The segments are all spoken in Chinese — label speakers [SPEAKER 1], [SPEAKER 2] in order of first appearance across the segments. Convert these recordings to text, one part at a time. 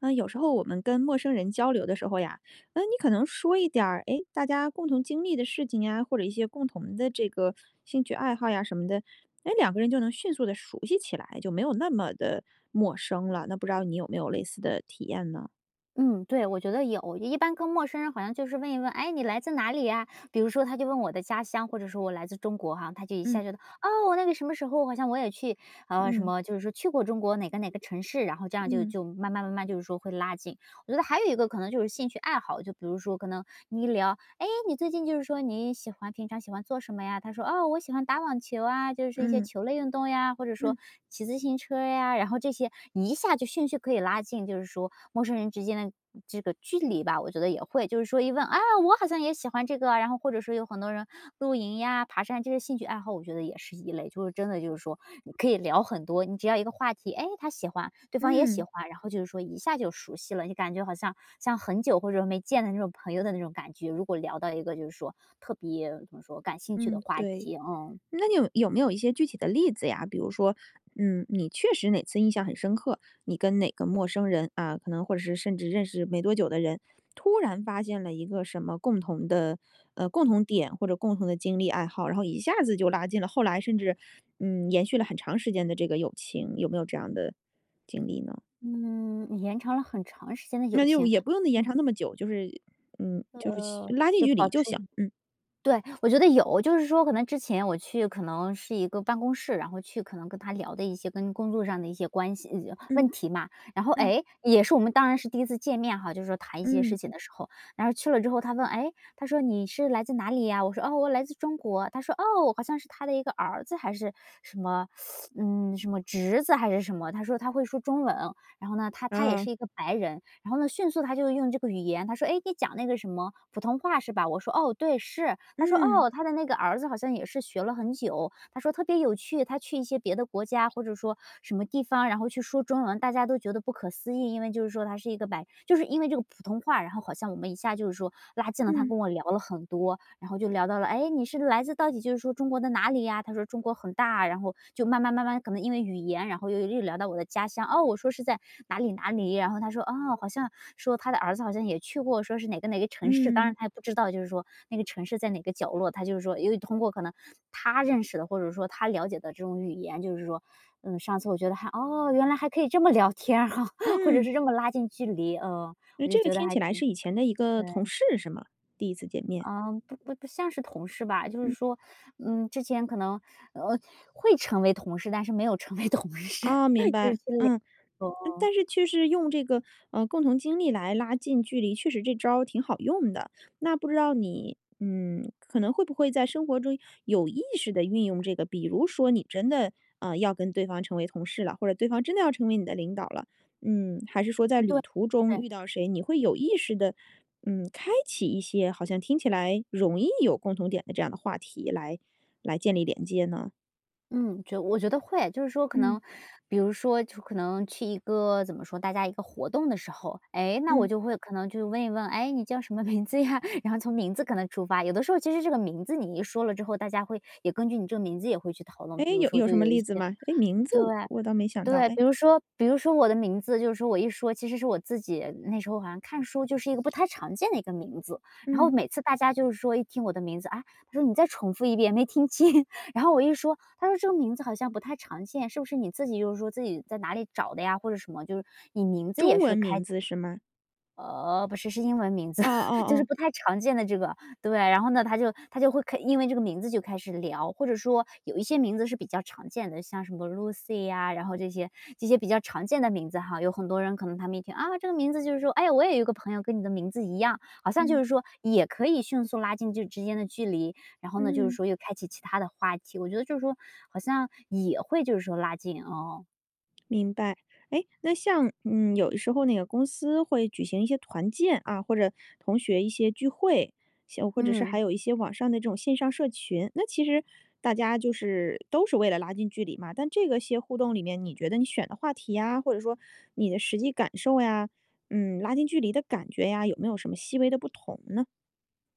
[SPEAKER 1] 啊，有时候我们跟陌生人交流的时候呀，那你可能说一点儿，哎，大家共同经历的事情啊，或者一些共同的这个兴趣爱好呀什么的，哎，两个人就能迅速地熟悉起来，就没有那么的陌生了。那不知道你有没有类似的体验呢？
[SPEAKER 2] 嗯，对，我觉得有。也一般跟陌生人好像就是问一问：“诶，你来自哪里呀？”比如说，他就问我的家乡，或者说我来自中国哈，他就一
[SPEAKER 1] 嗯。
[SPEAKER 2] 下觉得哦，那个什么时候好像我也去，啊，什
[SPEAKER 1] 嗯。
[SPEAKER 2] 么，就是说去过中国哪个哪个城市，然后这样就
[SPEAKER 1] 嗯。
[SPEAKER 2] 就慢慢慢慢就是说会拉近。我觉得还有一个可能就是兴趣爱好，就比如说可能你一聊：“诶，你最近就是说你喜欢平常喜欢做什么呀？“他说：“哦，我喜欢打网球啊，就是说一些
[SPEAKER 1] 嗯。
[SPEAKER 2] 球类运动呀“，或者说：”
[SPEAKER 1] 嗯。
[SPEAKER 2] 骑自行车呀“，然后这些一下就兴趣可以拉近，就是说陌生人之间的这个距离吧，我觉得也会，就是说一问：“啊，我好像也喜欢这个”，然后或者说有很多人露营呀、爬山这些兴趣爱好，我觉得也是一类。就是真的就是说，你可以聊很多。你只要一个话题，哎，他喜欢，对方也喜
[SPEAKER 1] 嗯。
[SPEAKER 2] 欢，然后就是说一下就熟悉了，就感觉好像，像很久或者没见的那种朋友的那种感觉，如果聊到一个就是说特别怎么说感兴趣的
[SPEAKER 1] 嗯，
[SPEAKER 2] 话
[SPEAKER 1] 对。
[SPEAKER 2] 题，嗯。
[SPEAKER 1] 那你有有没有一些具体的例子呀？比如说，嗯，你确实哪次印象很深刻，你跟哪个陌生人啊，可能或者是甚至认识没多久的人，突然发现了一个什么共同的，呃，共同点或者共同的经历爱好，然后一下子就拉近了后来甚至，嗯，延续了很长时间的这个友情。有没有这样的经历呢？
[SPEAKER 2] 嗯，延长了很长时间的友
[SPEAKER 1] 那就
[SPEAKER 2] 情
[SPEAKER 1] 也不用呢延
[SPEAKER 2] 嗯。
[SPEAKER 1] 长那么久，就是嗯，就是
[SPEAKER 2] 呃，
[SPEAKER 1] 拉近
[SPEAKER 2] 就
[SPEAKER 1] 距
[SPEAKER 2] 保
[SPEAKER 1] 离
[SPEAKER 2] 持
[SPEAKER 1] 就行，嗯。
[SPEAKER 2] 对，我觉得有。就是说可能之前我去可能是一个办公室，然后去可能跟他聊的一些跟工作上的一些关系
[SPEAKER 1] 嗯。
[SPEAKER 2] 问题嘛，然后，
[SPEAKER 1] 嗯。
[SPEAKER 2] 哎，也是我们当然是第1次见面哈，就是说谈一些
[SPEAKER 1] 嗯。
[SPEAKER 2] 事情的时候。然后去了之后他问：“诶？”他说：“你是来自哪里呀？”我说：“啊，我来自中国”，他说，哦，好像是他的一个儿子还是什么，嗯，什么侄子，还是什么，他说：“他会说中文”，然后呢，他他也
[SPEAKER 1] 啊。
[SPEAKER 2] 是一个白人，然后呢，迅速他就用这个语言，他说：“哎，你讲那个什么普通话，是吧？”我说：“哦，对，是”。他说，
[SPEAKER 1] 嗯。
[SPEAKER 2] 哦，他的那个儿子好像也是学了很久。他说：“特别有趣，他去一些别的国家或者说什么地方，然后去说中文，大家都觉得不可思议，因为就是说他是一个白”就是因为这个普通话，然后好像我们一下就是说拉近了他
[SPEAKER 1] 嗯。
[SPEAKER 2] 跟我聊了很多，然后就聊到了：“诶，你是来自到底就是说中国的哪里呀？”他说：“中国很大”，然后就慢慢慢慢可能因为语言，然后又又聊到我的家乡，哦，我说是在哪里哪里。然后他说，哦，好像说他的儿子好像也去过，说是哪个哪个城市，当然
[SPEAKER 1] 嗯。
[SPEAKER 2] 他也不知道，就是说那个城市在哪个角落，他就是说由于通过可能他认识的，或者说他了解的这种语言，就是说嗯，上次我觉得还哦，原来还可以这么聊天哈，或者
[SPEAKER 1] 嗯。
[SPEAKER 2] 是这么拉近距离。嗯，
[SPEAKER 1] 哎，
[SPEAKER 2] 我就
[SPEAKER 1] 这个
[SPEAKER 2] 觉得
[SPEAKER 1] 听
[SPEAKER 2] 还
[SPEAKER 1] 起来
[SPEAKER 2] 挺
[SPEAKER 1] 是以前的一个同
[SPEAKER 2] 对。
[SPEAKER 1] 事是吗？第1次见面。
[SPEAKER 2] 啊，不不不像是同事吧，就是
[SPEAKER 1] 嗯。
[SPEAKER 2] 说，嗯，之前可能，呃会成为同事，但是没有成为同事，
[SPEAKER 1] 哦，明
[SPEAKER 2] 就是
[SPEAKER 1] 白。
[SPEAKER 2] 去
[SPEAKER 1] 嗯，
[SPEAKER 2] 聊，嗯
[SPEAKER 1] 但是确实用这个，呃，共同经历来拉近距离确实这招儿挺好用的。那不知道你，嗯，可能会不会在生活中有意识地运用这个，比如说，你真的，呃，要跟对方成为同事了，或者对方真的要成为你的领导了，嗯，还是说在
[SPEAKER 2] 嗯，对，
[SPEAKER 1] 旅途中
[SPEAKER 2] 对。
[SPEAKER 1] 遇到谁，你会有意识地，嗯，开启一些好像听起来容易有共同点的这样的话题来来建立连接呢？
[SPEAKER 2] 嗯，觉我觉得会。就是说可
[SPEAKER 1] 嗯。
[SPEAKER 2] 能比如说去可能去一个怎么说，大家一个活动的时候。诶，那我
[SPEAKER 1] 嗯。
[SPEAKER 2] 就会可能去问一问：“诶，你叫什么名字呀？“然后从名字可能出发。有的时候其实这个名字你一说了之后，大家会也根据你这个名字也会去讨论。比
[SPEAKER 1] 诶，
[SPEAKER 2] 如
[SPEAKER 1] 有
[SPEAKER 2] 说
[SPEAKER 1] 有
[SPEAKER 2] 就
[SPEAKER 1] 什么
[SPEAKER 2] 有一
[SPEAKER 1] 例子
[SPEAKER 2] 些
[SPEAKER 1] 吗？诶，名字
[SPEAKER 2] 对
[SPEAKER 1] 我倒没想到，
[SPEAKER 2] 对，
[SPEAKER 1] 诶
[SPEAKER 2] 比如说比如说我的名字，就是说我一说，其实是我自己那时候好像看书就是一个不太常见的一个名字。然后
[SPEAKER 1] 嗯。
[SPEAKER 2] 每次大家就是说一听我的名字，啊，他说：“你再重复一遍，没听清。”然后我一说，他说：“这个名字好像不太常见，是不是你自己就是说自己在哪里找的呀？或者什么？”就是说你名字
[SPEAKER 1] 中
[SPEAKER 2] 也是
[SPEAKER 1] 文
[SPEAKER 2] 开
[SPEAKER 1] 名字，是吗？
[SPEAKER 2] 呃，不是，是英文名字，
[SPEAKER 1] 哦哦
[SPEAKER 2] 就是
[SPEAKER 1] 哦。
[SPEAKER 2] 不太常见的这个。对，然后呢，他就他就会开因为这个名字就开始聊。或者说有一些名字是比较常见的，像什么 Lucy 呀，然后这些这些比较常见的名字哈，有很多人可能他们一听，啊，这个名字就是说：“诶，我也有一个朋友跟你的名字一样”，好像就
[SPEAKER 1] 嗯。
[SPEAKER 2] 是说也可以迅速拉近这之间的距离。然后呢，就是
[SPEAKER 1] 嗯。
[SPEAKER 2] 说又开启其它的话题，我觉得就是说好像也会就是说拉近，哦。
[SPEAKER 1] 明白。诶那像，嗯，有的时候那个公司会举行一些团建啊，或者同学一些聚会，一些或者是还
[SPEAKER 2] 嗯。
[SPEAKER 1] 有一些网上的这种线上社群。那其实大家就是都是为了拉近距离嘛，但这个些互动里面你觉得你选的话题呀，或者说你的实际感受呀，嗯，拉近距离的感觉呀，有没有什么细微的不同呢？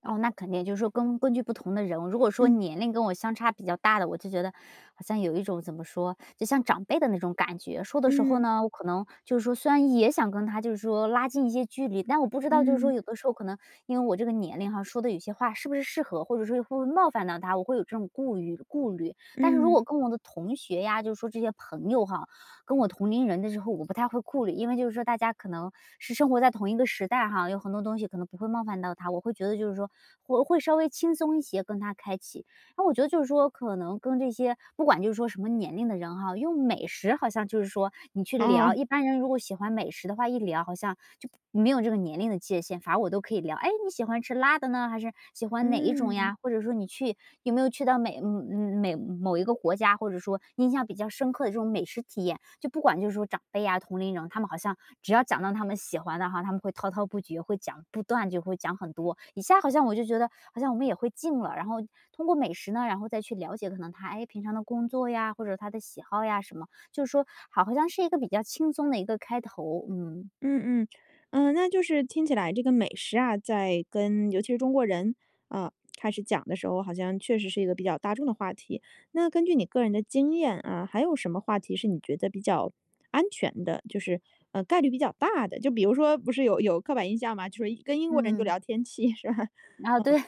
[SPEAKER 2] 哦，那肯定就是说根根据不同的人，如果说
[SPEAKER 1] 嗯。
[SPEAKER 2] 年龄跟我相差比较大的，我就觉得好像有一种怎么说，就像长辈的那种感觉，说的时候
[SPEAKER 1] 嗯。
[SPEAKER 2] 呢我可能，就是说虽然也想跟他就是说拉近一些距离，但我不知道就是说
[SPEAKER 1] 嗯。
[SPEAKER 2] 有的时候可能因为我这个年龄啊说的有些话是不是适合，或者说会不会冒犯到他，我会有这种顾虑顾虑。但是如
[SPEAKER 1] 嗯。
[SPEAKER 2] 果跟我的同学呀，就是说这些朋友哈，跟我同龄人的时候我不太会顾虑，因为就是说大家可能是生活在同一个时代哈，有很多东西可能不会冒犯到他，我会觉得就是说我会稍微轻松一些跟他开启。然后我觉得就是说可能跟这些不管就是说什么年龄的人哈，用美食好像就是说你去聊，
[SPEAKER 1] 哦。
[SPEAKER 2] 一般人如果喜欢美食的话，一聊好像就没有这个年龄的界限，反而我都可以聊。哎，你喜欢吃辣的呢，还是喜欢哪一种
[SPEAKER 1] 嗯。
[SPEAKER 2] 呀，或者说你去，有没有去到美呃，美嗯，某一个国家，或者说印象比较深刻的这种美食体验？就不管就是说长辈呀同龄人，他们好像只要讲到他们喜欢的哈，他们会滔滔不绝，会讲，不断就会讲很多，一下好像我就觉得好像我们也会近了，然后通过美食呢，然后再去了解可能他，哎，平常的工作呀，或者是他的喜好呀什么。就是说好好像是一个比较轻松的一个开头嗯。
[SPEAKER 1] 嗯嗯。呃，那就是听起来这个美食啊在跟尤其是中国人，呃，开始讲的时候，好像确实是一个比较大众的话题。那根据你个人的经验啊，还有什么话题是你觉得比较安全的？就是，呃，概率比较大的？就比如说不是有有刻板印象吗？就是跟英国人就
[SPEAKER 2] 嗯。
[SPEAKER 1] 聊天气是吧？嗯，
[SPEAKER 2] 啊，对，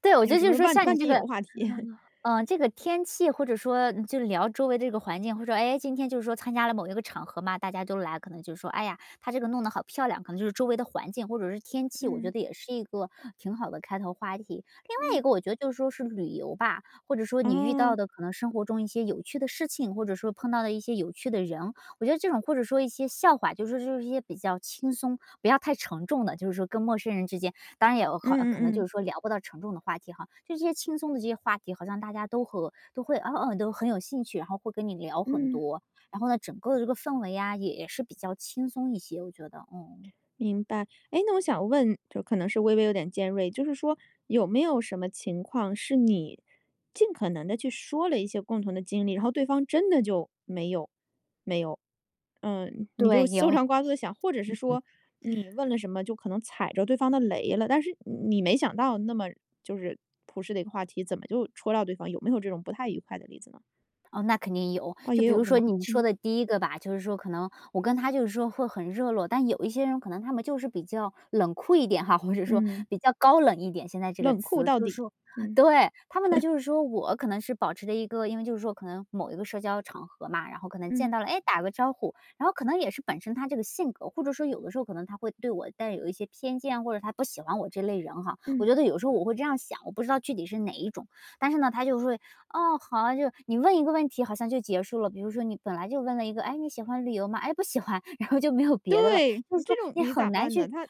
[SPEAKER 2] 对，我觉
[SPEAKER 1] 有
[SPEAKER 2] 得
[SPEAKER 1] 什
[SPEAKER 2] 就是
[SPEAKER 1] 么
[SPEAKER 2] 说
[SPEAKER 1] 万
[SPEAKER 2] 像你
[SPEAKER 1] 万
[SPEAKER 2] 这
[SPEAKER 1] 斤
[SPEAKER 2] 个，
[SPEAKER 1] 油话题。
[SPEAKER 2] 呃，这个天气，或者说就聊周围的这个环境，或者说，哎，今天就是说参加了某一个场合嘛，大家都来，可能就是说，哎呀，他这个弄得好漂亮，可能就是周围的环境或者是天气，我觉
[SPEAKER 1] 嗯。
[SPEAKER 2] 得也是一个挺好的开头话题。另外一
[SPEAKER 1] 嗯。
[SPEAKER 2] 个我觉得就是说是旅游吧，或者说你遇
[SPEAKER 1] 哦。
[SPEAKER 2] 到的可能生活中一些有趣的事情，或者说碰到的一些有趣的人，我觉得这种或者说一些笑话，就是说就是说一些比较轻松，不要太沉重的，就是说跟陌生人之间，当然也有
[SPEAKER 1] 嗯
[SPEAKER 2] 可能
[SPEAKER 1] 嗯
[SPEAKER 2] 就
[SPEAKER 1] 嗯。
[SPEAKER 2] 是说聊不到沉重的话题哈。就是说这些轻松的这些话题，好像大家都和都会，嗯嗯，都很有兴趣，然后会跟你聊很
[SPEAKER 1] 嗯。
[SPEAKER 2] 多，然后呢整个的这个氛围啊也是比较轻松一些，我觉得，嗯。
[SPEAKER 1] 明白。诶那我想问就可能是微微有点尖锐，就是说有没有什么情况是你尽可能地去说了一些共同的经历，然后对方真的就没有没有。嗯，你就
[SPEAKER 2] 对，
[SPEAKER 1] 搜
[SPEAKER 2] 有。
[SPEAKER 1] 肠 刮肚地想，或者是说你问了什么就可能踩着对方的雷了，但是你没想到那么就是朴实的一个话题，怎么就戳到对方。有没有这种不太愉快的例子呢？
[SPEAKER 2] 哦，那肯定有，
[SPEAKER 1] 啊
[SPEAKER 2] 就
[SPEAKER 1] 也
[SPEAKER 2] 比如
[SPEAKER 1] 有是
[SPEAKER 2] 说
[SPEAKER 1] 吗？
[SPEAKER 2] 你说
[SPEAKER 1] 嗯。
[SPEAKER 2] 的第一个吧，就是说可能我跟他就是说会很热络，但有一些人可能他们就是比较冷酷一点哈，或者说，
[SPEAKER 1] 嗯。
[SPEAKER 2] 比较高冷一点，现在这个
[SPEAKER 1] 冷酷
[SPEAKER 2] 词。
[SPEAKER 1] 到
[SPEAKER 2] 就是
[SPEAKER 1] 底，
[SPEAKER 2] 说
[SPEAKER 1] 嗯。
[SPEAKER 2] 对，他们呢 就是说我可能是保持着一个因为就是说可能某一个社交场合嘛，然后可能
[SPEAKER 1] 嗯。
[SPEAKER 2] 见到了，哎，打个招呼。然后可能也是本身他这个性格或者说有的时候可能他会对我带有一些偏见，或者他不喜欢我这类人哈。我
[SPEAKER 1] 嗯。
[SPEAKER 2] 觉得有时候我会这样想，我不知道具体是哪一种，但是呢他就会，啊，好，就是你问一个问题好像就结束了，比如说你本来就问了一个，诶，你喜欢旅游吗？哎，不喜欢，然后就没有别的了，
[SPEAKER 1] 对，
[SPEAKER 2] 就
[SPEAKER 1] 你
[SPEAKER 2] 是
[SPEAKER 1] 这
[SPEAKER 2] 说
[SPEAKER 1] 种
[SPEAKER 2] 你
[SPEAKER 1] 你
[SPEAKER 2] 很
[SPEAKER 1] 咋
[SPEAKER 2] 难
[SPEAKER 1] 办呢？
[SPEAKER 2] 去
[SPEAKER 1] 他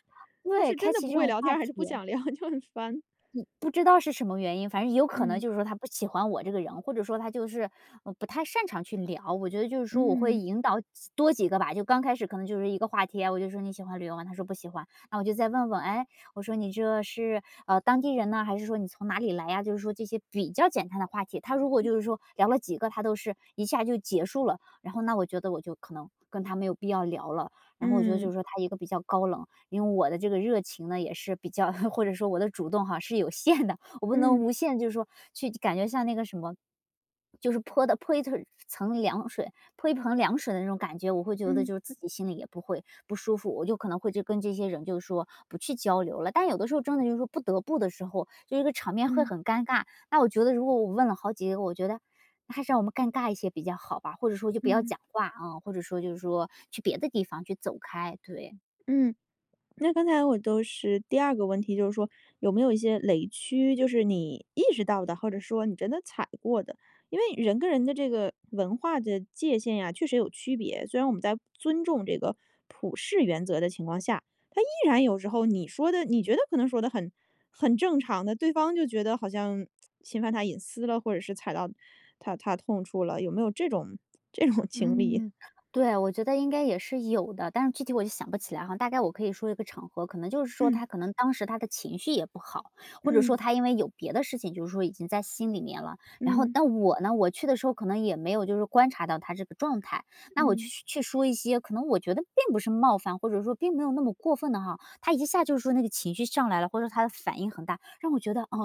[SPEAKER 1] 他
[SPEAKER 2] 对，
[SPEAKER 1] 是真
[SPEAKER 2] 开
[SPEAKER 1] 的
[SPEAKER 2] 启
[SPEAKER 1] 不
[SPEAKER 2] 这
[SPEAKER 1] 会
[SPEAKER 2] 种
[SPEAKER 1] 聊天
[SPEAKER 2] 话
[SPEAKER 1] 儿还是不
[SPEAKER 2] 题。
[SPEAKER 1] 想聊？就很烦。
[SPEAKER 2] 呃，不知道是什么原因，反正有可能
[SPEAKER 1] 嗯。
[SPEAKER 2] 就是说他不喜欢我这个人，或者说他就是，呃，不太擅长去聊。我觉得就是说我会
[SPEAKER 1] 嗯。
[SPEAKER 2] 引导几多几个吧，就刚开始可能就是一个话题，然后我就说你喜欢旅游吗？他说不喜欢，那我就再问问，诶，我说你这是，啊，当地人呢，还是说你从哪里来呀？就是说这些比较简单的话题，他如果
[SPEAKER 1] 嗯。
[SPEAKER 2] 就是说聊了几个，他都是一下就结束了，然后那我觉得我就可能跟他没有必要聊了，然后我觉得就是
[SPEAKER 1] 嗯。
[SPEAKER 2] 说他一个比较高冷，因为我的这个热情呢也是比较 或者说我的主动哈是有限的，我不能
[SPEAKER 1] 嗯。
[SPEAKER 2] 无限就是说去感觉像那个什么，就是泼得泼一层层凉水，泼一盆凉水的那种感觉，我会觉得
[SPEAKER 1] 嗯。
[SPEAKER 2] 就是自己心里也不会不舒服，我就可能会就跟这些人就说不去交流了。但有的时候真的就是说不得不的时候，就这个场面会
[SPEAKER 1] 嗯。
[SPEAKER 2] 很尴尬。那我觉得如果我问了好几个，我觉得还是让我们尴尬一些比较好吧，或者说就不要
[SPEAKER 1] 嗯。
[SPEAKER 2] 讲话嗯，或者说就是说去别的地方去走开，对。
[SPEAKER 1] 嗯。那刚才我都是第二个问题，就是说有没有一些雷区？就是你意识到的，或者说你真的踩过的，因为人跟人的这个文化的界限呀，确实有区别。虽然我们在尊重这个普世原则的情况下，他依然有时候你说得你觉得可能说得很很正常的，对方就觉得好像侵犯他隐私了，或者是踩到他他的痛处了，有没有这种这种经历？
[SPEAKER 2] 嗯，对，我觉得应该也是有的，但是具体我就想不起来哈，大概我可以说一个场合，可能就是说
[SPEAKER 1] 嗯。
[SPEAKER 2] 他可能当时他的情绪也不好，或者说
[SPEAKER 1] 嗯。
[SPEAKER 2] 他因为有别的事情就是说已经在心里面了，然后
[SPEAKER 1] 嗯。
[SPEAKER 2] 但我呢我去的时候可能也没有就是说观察到他这个状态。那我就
[SPEAKER 1] 嗯。
[SPEAKER 2] 去去说一些，可能我觉得并不是冒犯，或者说并没有那么过分的哈，他一下就是说那个情绪上来了，或者他的反应很大，让我觉得，啊？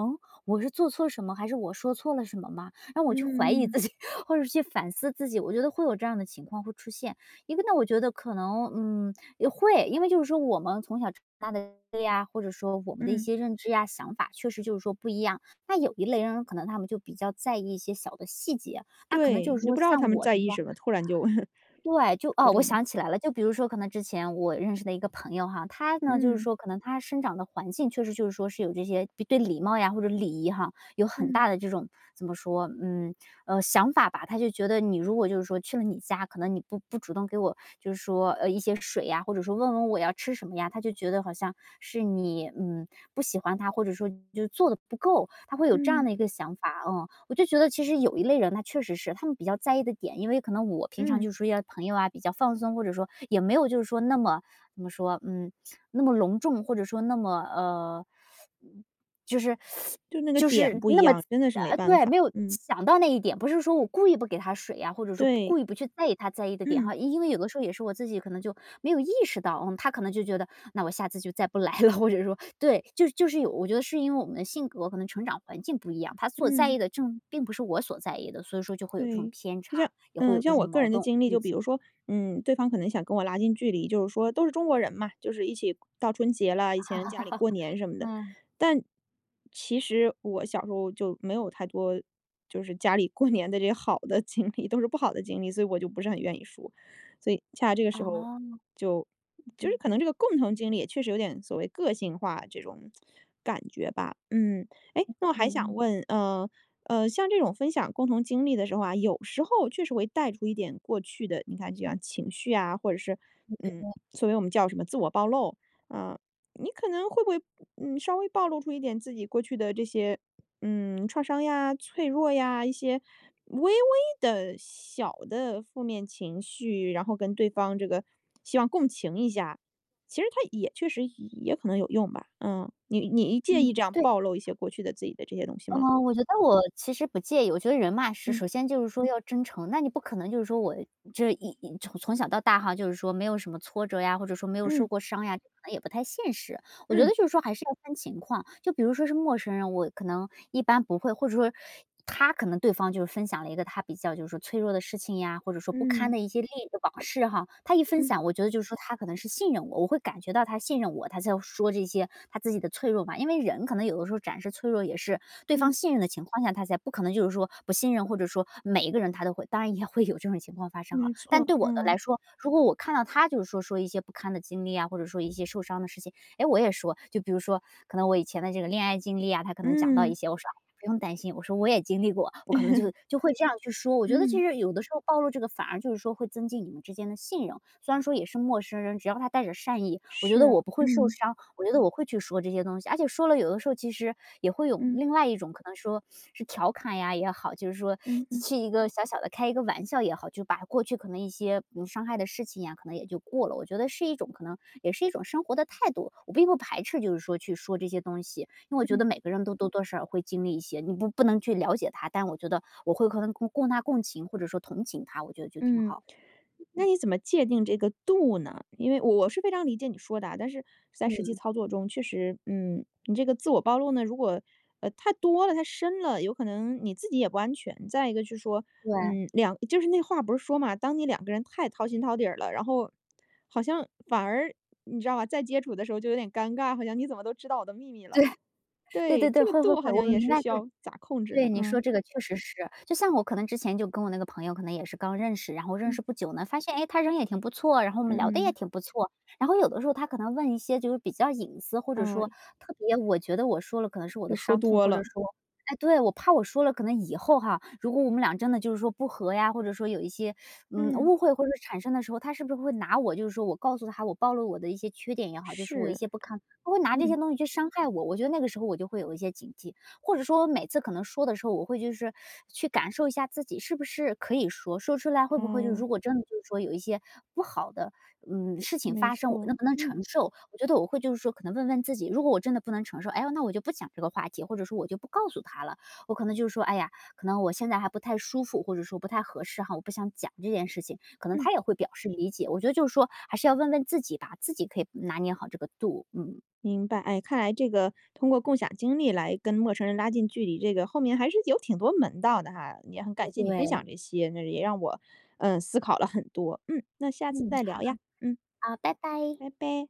[SPEAKER 2] 我是做错了什么还是我说错了什么吗？让我去怀疑
[SPEAKER 1] 嗯。
[SPEAKER 2] 自己，或者说去反思自己，我觉得会有这样的情况会出现。一个呢，我觉得可能，嗯，也会，因为就是说我们从小长大的 呀，或者说我们的一
[SPEAKER 1] 嗯。
[SPEAKER 2] 些认知呀，想法确实就是说不一样。那有一类人可能他们就比较在意一些小的细节，他可能就
[SPEAKER 1] 对，
[SPEAKER 2] 是
[SPEAKER 1] 你都
[SPEAKER 2] 说
[SPEAKER 1] 不知道他
[SPEAKER 2] 像
[SPEAKER 1] 们
[SPEAKER 2] 我的
[SPEAKER 1] 在意
[SPEAKER 2] 话
[SPEAKER 1] 什么，突然就
[SPEAKER 2] 对，就
[SPEAKER 1] 播
[SPEAKER 2] 哦，我
[SPEAKER 1] 种了。
[SPEAKER 2] 想起来了，就比如说可能之前我认识的一个朋友哈，他呢，就是
[SPEAKER 1] 嗯。
[SPEAKER 2] 说可能他生长的环境确实就是说是有这些对礼貌呀或者礼仪哈，有很
[SPEAKER 1] 嗯。
[SPEAKER 2] 大的这种怎么说，嗯，呃，想法吧，他就觉得你如果就是说去了你家，可能你不不主动给我就是说，呃，一些水呀，或者说问问我要吃什么呀，他就觉得好像是你，嗯，不喜欢他，或者说就做得不够，他会有这样
[SPEAKER 1] 嗯。
[SPEAKER 2] 的一个想法，嗯。我就觉得其实有一类人他确实是，他们比较在意的点，因为可能我平常
[SPEAKER 1] 嗯。
[SPEAKER 2] 就处一些朋友呀比较放松，或者说也没有就是说那么怎么说，嗯，那么隆重，或者说那么，呃，就是
[SPEAKER 1] 就那个
[SPEAKER 2] 就
[SPEAKER 1] 点
[SPEAKER 2] 是
[SPEAKER 1] 不一
[SPEAKER 2] 那么
[SPEAKER 1] 样，真的是没
[SPEAKER 2] 啊，
[SPEAKER 1] 办
[SPEAKER 2] 对，
[SPEAKER 1] 法。
[SPEAKER 2] 没有
[SPEAKER 1] 嗯。
[SPEAKER 2] 想到那一点，不是说我故意不给他水呀，或者说
[SPEAKER 1] 对。
[SPEAKER 2] 故意不去在意他在意的点
[SPEAKER 1] 嗯。
[SPEAKER 2] 哈，因为有的时候也是我自己可能就没有意识到，嗯，他可能就觉得那我下次就再不来了，或者说对，就就是有，我觉得是因为我们的性格可能成长环境不一样，他所在意
[SPEAKER 1] 嗯。
[SPEAKER 2] 的正并不是我所在意的，所以说就会有这种
[SPEAKER 1] 对，
[SPEAKER 2] 偏
[SPEAKER 1] 就
[SPEAKER 2] 差，
[SPEAKER 1] 像
[SPEAKER 2] 也会
[SPEAKER 1] 呃，就
[SPEAKER 2] 有这
[SPEAKER 1] 像
[SPEAKER 2] 种
[SPEAKER 1] 我个
[SPEAKER 2] 矛
[SPEAKER 1] 人的
[SPEAKER 2] 盾，
[SPEAKER 1] 经历，
[SPEAKER 2] 估
[SPEAKER 1] 就比如
[SPEAKER 2] 计。
[SPEAKER 1] 说，嗯，对方可能想跟我拉近距离，就是说都是中国人嘛，就是一起到春节了，以前家里 过年什么的。
[SPEAKER 2] 嗯。
[SPEAKER 1] 但其实我小时候就没有太多，就是家里过年的这些好的经历，都是不好的经历，所以我就不是很愿意说。所以恰恰这个时候
[SPEAKER 2] 哦。
[SPEAKER 1] 就就是
[SPEAKER 2] 嗯。
[SPEAKER 1] 可能这个共同经历也确实有点所谓个性化，这种感觉吧，嗯。诶，那我还
[SPEAKER 2] 嗯
[SPEAKER 1] 想
[SPEAKER 2] 嗯。
[SPEAKER 1] 问，呃，呃，像这种分享共同经历的时候啊，有时候确实会带出一点过去的你看就像情绪啊或者是，嗯，所以我们叫什么自我暴露，呃，你可能会不会，呃，稍微暴露出一点自己过去的这些，嗯，创伤呀？脆弱呀？一些微微的小的负面情绪，然后跟对方这个希望共情一下？其实它也确实也可能有用吧。嗯，你你介
[SPEAKER 2] 嗯，
[SPEAKER 1] 意这样
[SPEAKER 2] 对。
[SPEAKER 1] 暴露一些过去的自己的这些东西吗？
[SPEAKER 2] 哦，我觉得我其实不介意，我觉得人嘛，是
[SPEAKER 1] 嗯。
[SPEAKER 2] 首先就是说要真诚，那你不可能就是说我这一一从小到大哈就是说没有什么挫折呀，或者说没有受
[SPEAKER 1] 嗯。
[SPEAKER 2] 过伤呀，可能也不太现实。我觉得
[SPEAKER 1] 嗯。
[SPEAKER 2] 就是说还是要看情况，就比如说是陌生人，我可能一般不会，或者说，他可能对方就分享了一个他比较就是说脆弱的事情呀，或者说不堪
[SPEAKER 1] 嗯。
[SPEAKER 2] 的一些利益的往事哈。他一分
[SPEAKER 1] 嗯。
[SPEAKER 2] 享我觉得就是说他可能是信任我，我会感觉到他信任我，他才说这些他自己的脆弱嘛。因为人可能有的时候展示脆弱，也是对方
[SPEAKER 1] 嗯。
[SPEAKER 2] 信任的情况下，他才不可能就是说不信任，或者说每一个人他都会，当然也会有这种情况发生哈，
[SPEAKER 1] 没
[SPEAKER 2] 但
[SPEAKER 1] 错，
[SPEAKER 2] 对我的来
[SPEAKER 1] 嗯。
[SPEAKER 2] 说，如果我看到他就是说，说一些不堪的经历呀，或者说一些受伤的事情，哎，我也说，就比如说可能我以前的这个恋爱经历呀，他可能讲到
[SPEAKER 1] 嗯。
[SPEAKER 2] 一些，我说，啊，不用担心，我说我也经历过，我可能就 就会这样去说。我觉得其
[SPEAKER 1] 嗯。
[SPEAKER 2] 实有的时候暴露这个反而就是说会增进你们之间的信任，虽然说也是陌生人，只要他带着善意，我觉得
[SPEAKER 1] 是，
[SPEAKER 2] 我不会受
[SPEAKER 1] 嗯。
[SPEAKER 2] 伤，我觉得我会去说这些东西，而且说了有的时候其实也会有
[SPEAKER 1] 嗯。
[SPEAKER 2] 另外一种，可能说，是调侃呀也好，就是说
[SPEAKER 1] 嗯嗯。
[SPEAKER 2] 去一个小小的开一个玩笑也好，就把过去可能的一些比如伤害的事情呀可能也就过了。我觉得是一种可能也是一种生活的态度，我并不排斥就是说去说这些东西，因为我觉
[SPEAKER 1] 嗯。
[SPEAKER 2] 得每个人都多多少少会经历一些。你不不能去了解他，但我觉得我会和他共他共情或者说同情他，我觉得就挺
[SPEAKER 1] 嗯，
[SPEAKER 2] 好，
[SPEAKER 1] 那
[SPEAKER 2] 嗯。
[SPEAKER 1] 你怎么界定这个度呢？因为我是非常理解你说的啊，但是在实际
[SPEAKER 2] 嗯。
[SPEAKER 1] 操作中，确实，嗯，你这个自我暴露呢，如果，啊，太多了，太深了，有可能你自己也不安全，再一个就是说，
[SPEAKER 2] 对。
[SPEAKER 1] 嗯，两就是那话不是说嘛，当你两个人太掏心掏底儿了，然后好像反而你知道吧，再接触的时候就有点尴尬，好像你怎么都知道我的秘密了。
[SPEAKER 2] 对，对
[SPEAKER 1] 对，
[SPEAKER 2] 对对，
[SPEAKER 1] 这个
[SPEAKER 2] 会会
[SPEAKER 1] 度
[SPEAKER 2] 会，
[SPEAKER 1] 好
[SPEAKER 2] 我
[SPEAKER 1] 像也
[SPEAKER 2] 明
[SPEAKER 1] 是
[SPEAKER 2] 白，
[SPEAKER 1] 需
[SPEAKER 2] 对。
[SPEAKER 1] 要咋控制
[SPEAKER 2] 对，
[SPEAKER 1] 呢？
[SPEAKER 2] 你说
[SPEAKER 1] 嗯。
[SPEAKER 2] 这个确实是，就像我可能之前就跟我那个朋友可能也是刚认识，然后认
[SPEAKER 1] 嗯。
[SPEAKER 2] 识不久呢，发现，哎，他人也挺不错，然后我们
[SPEAKER 1] 嗯
[SPEAKER 2] 聊得也
[SPEAKER 1] 嗯。
[SPEAKER 2] 挺不错，然后有的时候他可能问一些就是比较隐私，或者说
[SPEAKER 1] 哦。
[SPEAKER 2] 特别我觉得我说了可能是我
[SPEAKER 1] 又
[SPEAKER 2] 的
[SPEAKER 1] 说
[SPEAKER 2] 伤痛，
[SPEAKER 1] 多
[SPEAKER 2] 或者
[SPEAKER 1] 了。
[SPEAKER 2] 说哎，对，我怕我说了，可能以后哈如果我们俩真的就是说不和呀，或者说有一些，嗯，
[SPEAKER 1] 嗯。
[SPEAKER 2] 误会或者产生的时候，他是不是会拿我就是说，我告诉他我暴露了我的一些缺点也好，就是说我的一
[SPEAKER 1] 是，
[SPEAKER 2] 些不堪，他会拿这些
[SPEAKER 1] 嗯。
[SPEAKER 2] 东西去伤害我，我觉得那个时候我就会有一些警戒。或者说我每次可能说的时候，我会就是去感受一下自己是不是可以说，说出来会不会就是说
[SPEAKER 1] 哦。
[SPEAKER 2] 如果真的就是说有一些不好的，嗯，事情
[SPEAKER 1] 没
[SPEAKER 2] 发生，我
[SPEAKER 1] 错，
[SPEAKER 2] 能不能
[SPEAKER 1] 嗯。
[SPEAKER 2] 承受。我觉得我会就是说可能问问自己，如果我真的不能承受，哎呀，那我就不讲这个话题，或者说我就不告诉他了，我可能就是说，哎呀，可能我现在还不太舒服，或者说不太合适哈，我不想讲这件事情，可能
[SPEAKER 1] 嗯。
[SPEAKER 2] 他也会表示理解。我觉得就是说还是要问问自己吧，自己可以拿捏好这个度，嗯。
[SPEAKER 1] 明白，哎，看来这个通过共享经历来跟陌生人拉近距离，这个后面还是有挺多门道的哈，也很感
[SPEAKER 2] 哎
[SPEAKER 1] 谢你分
[SPEAKER 2] 对。
[SPEAKER 1] 享这些，那也让我，呃，思考了很多。嗯，那下次
[SPEAKER 2] 嗯，
[SPEAKER 1] 再聊呀，
[SPEAKER 2] 好。
[SPEAKER 1] 嗯。
[SPEAKER 2] 啊，拜拜。
[SPEAKER 1] 拜拜。